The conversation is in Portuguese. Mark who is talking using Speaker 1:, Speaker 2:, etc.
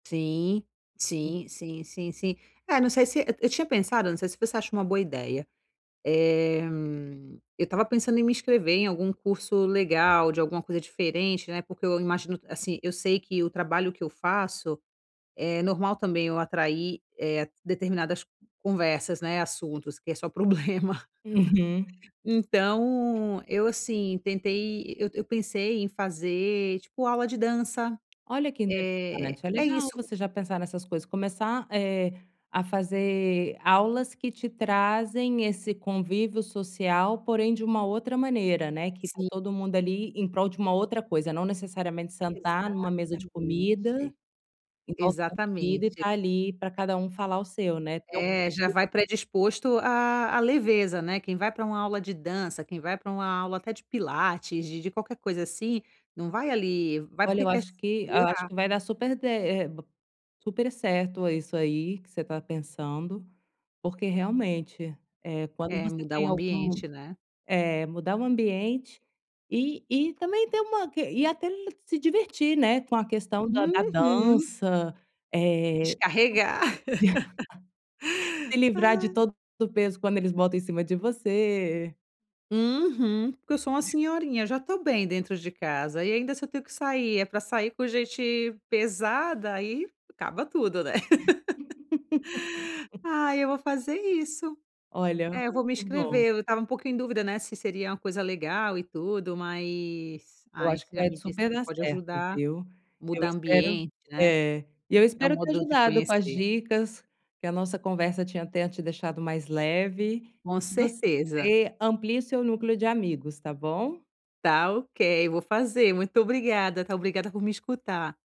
Speaker 1: Sim,
Speaker 2: Hu
Speaker 1: sim, sim, sim, sim. É, não sei se Eh, eu tinha pensado, não sei se você acha uma boa ideia, eh, eu estava pensando em me inscrever em algum curso legal, de alguma coisa diferente, né, porque eu imagino, assim, eu sei que o trabalho que eu faço é normal também eu atrair determinadas conversas, né, assuntos que é só problema.
Speaker 2: Uhum.
Speaker 1: Então, eu, assim, tentei eu eu pensei em fazer tipo aula de dança,
Speaker 2: Olha que
Speaker 1: eh,
Speaker 2: interessante! É
Speaker 1: é
Speaker 2: legal
Speaker 1: isso.
Speaker 2: você já pensar nessas coisas, começar, eh, a fazer aulas que te trazem esse convívio social, porém de uma outra maneira, né, que está
Speaker 1: Si
Speaker 2: todo mundo ali em prol de uma outra coisa, não necessariamente sentar numa mesa de comida,
Speaker 1: Exatamente.
Speaker 2: em volta da comida e
Speaker 1: Exatamente.
Speaker 2: estar ali para cada um falar o seu, né?
Speaker 1: É, já
Speaker 2: [unintelligible]
Speaker 1: vai predisposto à à leveza, né, quem vai para uma aula de dança, quem vai para uma aula até de pilates, de de qualquer coisa assim, não vai ali Vai
Speaker 2: Olha,
Speaker 1: porque
Speaker 2: eu
Speaker 1: quer s
Speaker 2: acho que eu acho
Speaker 1: melhorar.
Speaker 2: que vai dar super de eh, b super certo isso aí que você está pensando, porque realmente, eh, quando
Speaker 1: É,
Speaker 2: você
Speaker 1: mudar o
Speaker 2: tem algum
Speaker 1: ambiente, né?
Speaker 2: eh, mudar o ambiente, e e também ter uma que e até l se divertir, né, com a questão da da
Speaker 1: Uhum.
Speaker 2: dança, eh.
Speaker 1: Descarregar.
Speaker 2: Se livrar de
Speaker 1: Ai.
Speaker 2: todo o peso quando eles botam em cima de você.
Speaker 1: Uhum. Porque eu sou uma senhorinha, já estou bem dentro de casa e ainda se eu tenho que sair é para sair com gente pesada, aí acaba tudo, né? Ai, eu vou fazer isso.
Speaker 2: Olha.
Speaker 1: É, eu
Speaker 2: [unintelligible]
Speaker 1: vou me
Speaker 2: Que bom.
Speaker 1: inscrever, eu estava um pouco em dúvida, né, se seria uma coisa legal e tudo, mas,
Speaker 2: Eu
Speaker 1: ai,
Speaker 2: acho que
Speaker 1: você já
Speaker 2: vai t
Speaker 1: me disse
Speaker 2: super
Speaker 1: que
Speaker 2: dar
Speaker 1: pode
Speaker 2: certo,
Speaker 1: ajudar,
Speaker 2: viu? Eu
Speaker 1: mudar
Speaker 2: espero
Speaker 1: ambiente, né?
Speaker 2: É. E eu
Speaker 1: É um
Speaker 2: espero ter
Speaker 1: modo de
Speaker 2: ajudado com as
Speaker 1: conhecer.
Speaker 2: dicas, que a nossa conversa tinha tenha te deixado mais leve
Speaker 1: Com
Speaker 2: e que
Speaker 1: certeza.
Speaker 2: você amplie o seu núcleo de amigos, tá bom?
Speaker 1: Está ok. Eu vou fazer. Muito obrigada, tá? Obrigada por me escutar.